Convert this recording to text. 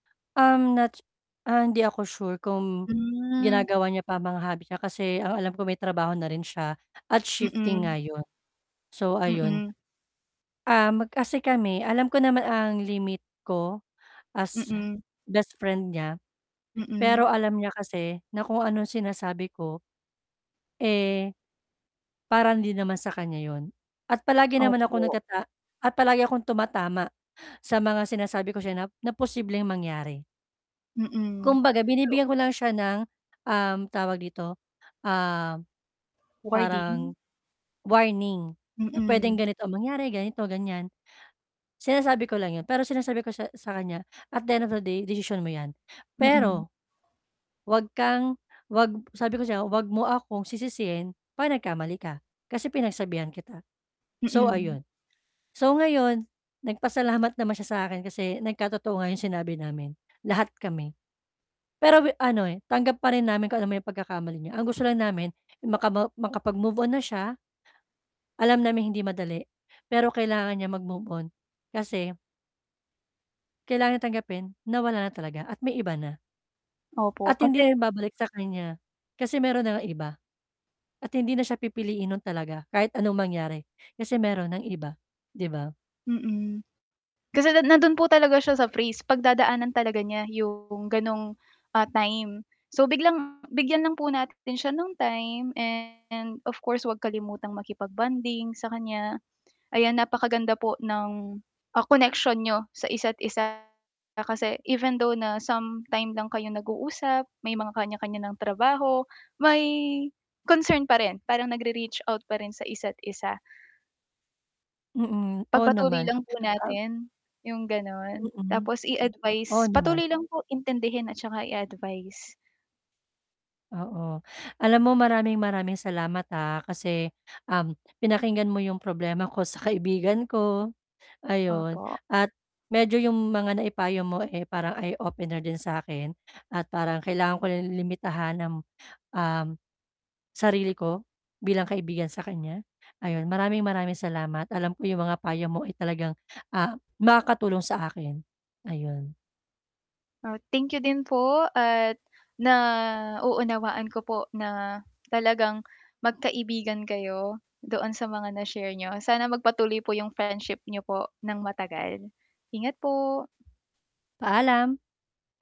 Um, not, ah, hindi ako sure kung Hmm. ginagawa niya pa ang mga hobby niya kasi ang alam ko may trabaho na rin siya at shifting Mm. nga yun, so ayun. Mm. Um, kasi kami alam ko naman ang limit ko as Mm. best friend niya pero Mm. alam niya kasi na kung anong sinasabi ko, eh, parang din naman sa kanya yun at palagi naman akong Opo. nagtata palagi akong tumatama sa mga sinasabi ko siya na na posibleng mangyari. Mm. Kumbaga binibigyan ko lang siya ng, um, tawag dito, ah, parang Wording. warning na pwedeng Mm. ganito mangyari ganito ganyan. Sinasabi ko lang yun pero sinasabi ko sa kanya at the end of the day desisyon mo yan. Mm. Pero, wag kang wag sabi ko sa kanya wag mo akong sisisihin 'pag nagkamali ka, kasi pinagsabihan kita, so Mm. ayun. So ngayon, nagpasalamat naman siya sa akin kasi nagkatotoo nga yung sinabi namin, lahat kami. Pero ano eh, tanggap pa rin namin kung anuman yung pagkakamali niya ang gusto lang namin, makama makapag move-on na siya, alam naming hindi madali, pero kailangan niyang mag-move-on kasi Kailangan tanggapin na wala na talaga at may iba na. Opo At hindi kasi na yun babalik sa kanya kasi meron na ngang iba at hindi na siya pipiliin nun talaga kahit anong mangyari kasi meron ng iba, 'di ba? Mm, kasi nandun po talaga siya sa phase 'pag dadaanan talaga niya yung ganong, ah, time so biglang bigyan lang po natin siya ng time and of course huwag kalimutang makipag-bonding sa kanya. Ayan, napakaganda po ng, ah, connection niyo sa isa't isa, kasi even though na sometime lang kayong nag-uusap, may mga kanya-kanya ng trabaho, may concern pa rin parang nag-re-reach out pa rin sa isa't isa. Mm, oo, Pagpatuloy naman. lang po [unintelligible] natin yung ganon, Mm. tapos Oo i-advice naman. patuloy lang po intindihin at tsaka i-advice. Oo. Alam mo maraming maraming salamat ha kasi, um, pinakinggan mo 'yong problema ko sa kaibigan ko, ayun. Opo. At medyo 'yong mga naipayo mo eh, parang eye-opener din sa akin at parang kailangan ko limitahan ang, um, sarili ko bilang kaibigan sa kanya ayun. Maraming maraming salamat alam ko 'yong mga payo mo ay talagang ah, makakatulong sa akin, ayun. Oh, thank you din po at naunawaan ko po na talagang magkaibigan kayo doon sa mga na-share niyo, sana magpatuloy po yung friendship niyo po ng matagal. Ingat po. Paalam.